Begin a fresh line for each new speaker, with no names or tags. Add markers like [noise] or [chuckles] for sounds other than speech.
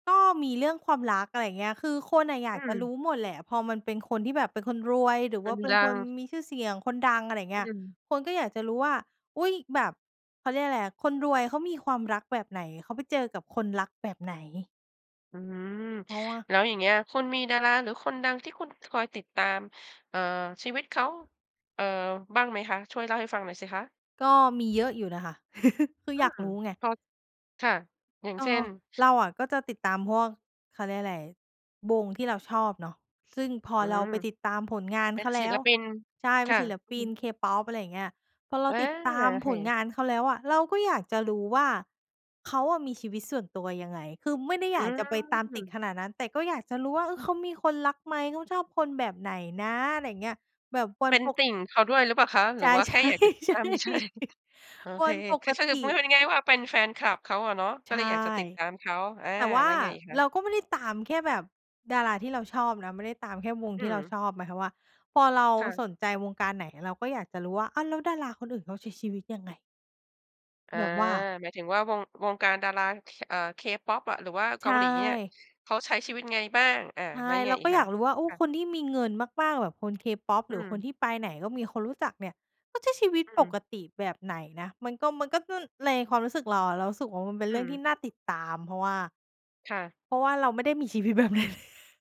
ก็มีเรื่องความรัก อะไรอย่างเงี้ย คือคนอะอย
อ
า
ื
กจะรู
ม
้หมดแหละ พอมันเป็นคนที่แบบ เป็นคนรวยหรือ
ค
ว่า
น
เป็
ด
น
ั
คน
ง
มีชื่อเสียงคนดัง อะไรเ
อ
งี
ื
้ย
ม
คนก็อยากจะรู้ว่า อุ้ย แบบ เขาเรียกไรอะ คนรวยเขามีความรักแบบไหน? เขาไปเจอกับคนรักแบบไหน?
อืม
เพราะว่า
แล้วอย่างเงี้ยคุณมีดาราหรือคนดังที่คุณ คอยติดตาม เอ่อ ชีวิตเขา เอ่อ บ้างไหมคะ ช่วยเล่าให้ฟังหน่อยสิคะ?
ก็มีเยอะอยู่นะคะ [chuckles] คือ
อื
อยาก
ม
รู้ไง
พอ ค่ะ อย่าง
เอ
เช่
อ
น?
เราอะก็จะติดตามพวก เขาเรียกไร วงที่เราชอบเนาะ ซึ่งพอ
อื
เรา
ม
ไปติดตามผลงาน
เป็
เข
น
าแ
ศ
ล
ิ
้
ล
ว
ปิน
ใช่
ค
เป็
่
น
ะ
ศิล
อื
ป
อฮ
ิน
ึ
K-pop อะไรเงี้ย พอเรา
เออ
ติดตาม
ใช
ผล
่
งานเขาแล้วอะ เราก็อยากจะรู้ว่าเขาอะมีชีวิตส่วนตัวยังไง คือไม่ได้
อ
อ
ื
ยากจะไปตามติด
ม
ขนาดนั้น แต่ก็อยากจะรู้ว่า เออ เขามีคนรักไหม? เขาชอบคนแบบไหนนะ? อะไรเงี้ย แบบคว
เ
ร
ป็น
ป
ต
ก
ิ่งเขาด้วยหรือเปล่าคะ ห
ใ
ร
ช
ื
่
อว่า
ใ
แ
ช
ค่อยากจะติดต
่
าม เฉย
ๆ [chuckles]
ๆ โอ
ว
เค
ันป
คื
ก
อถ้า
ต
จะ
ิ
พูดให้มันง่าย ๆ ว่าเป็นแฟนคลับเขาอะเนาะ ก
ใ
็
ช
เล
่
ยอยากจะติดตามเขา อา
แต่ว่า
แล้วไงอีกคะ?
เราก็ไม่ได้ตามแค่แบบดาราที่เราชอบนะ ไม่ได้ตามแค่วง
อื
ที่เรา
ม
ชอบ หมายความว่า พอเรา
ค่ะ
สนใจวงการไหน เราก็อยากจะรู้ว่า อ้าว แล้วดาราคนอื่นเขาใช้ชีวิตยังไง?
อา
แบบว่า
หมายถึงว่าวง วงการดารา เค เอ่อ K-pop อะ หรือว่าเ
ใ
ก
ช
าหลีเนี่ย
่
เขาใช้ชีวิตไงบ้าง อา
ใช
แล้
่
วยังไง
เรา
อี
ก
ก
็
ค
อย
ะ?
ากรู้ว่า โอ้
ค่ะ
คนที่มีเงินมาก ๆ แบบคน K-pop
อื
หรือคน
ม
ที่ไปไหนก็มีคนรู้จักเนี่ย ก็ใช้ชีวิต
อื
ป
ม
กติแบบไหนนะ มันก็ มันก็ ซึ่งในความรู้สึกเราอะ เรารู้สึกว่ามันเป็น
อื
เรื่องที่
ม
น่าติดตาม เพราะว่า
ค่ะ
เพราะว่าเราไม่ได้ มีชีวิตแบบนั้น [chuckles]